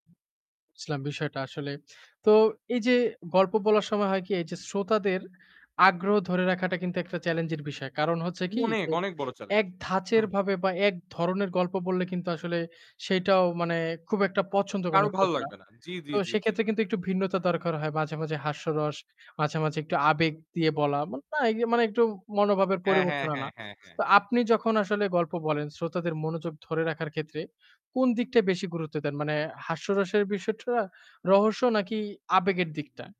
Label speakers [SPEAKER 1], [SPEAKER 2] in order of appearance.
[SPEAKER 1] ইসলাম বিষয়টা আসলে। তো এইযে গল্প বলার সময় হয় কি, এইযে শ্রোতাদের আগ্রহ ধরে রাখাটা কিন্তু একটা চেলেঞ্জের বিষয়। কারণ হচ্ছে কি,
[SPEAKER 2] অনেক,
[SPEAKER 1] যে
[SPEAKER 2] অনেক বড় চেলেঞ্জ।
[SPEAKER 1] এক
[SPEAKER 2] হু।
[SPEAKER 1] ধাঁচের ভাবে বা এক ধরনের গল্প বললে কিন্তু আসলে সেইটাও মানে খুব একটা পছন্দ করে
[SPEAKER 2] কারো
[SPEAKER 1] না
[SPEAKER 2] ভালো
[SPEAKER 1] শ্রোতারা।
[SPEAKER 2] লাগবে না। জ্বি, জ্বি,
[SPEAKER 1] তো
[SPEAKER 2] জ্বি, জ্বি।
[SPEAKER 1] সেক্ষেত্রে কিন্তু একটু ভিন্নতা দরকার হয়। মাঝে, মাঝে হাস্যরস, মাঝে, মাঝে একটু আবেগ দিয়ে বলা। না মানে একটু মনোভাবের
[SPEAKER 2] হ্যাঁ, হ্যাঁ,
[SPEAKER 1] পরিবর্তন
[SPEAKER 2] হ্যাঁ,
[SPEAKER 1] আনা।
[SPEAKER 2] হ্যাঁ, হ্যাঁ।
[SPEAKER 1] তো আপনি যখন আসলে গল্প বলেন শ্রোতাদের মনোযোগ ধরে রাখার ক্ষেত্রে কোন দিকটায় বেশি গুরুত্ব দেন? মানে হাস্যরসের বিষয়টা? রহস্য নাকি আবেগের দিকটা?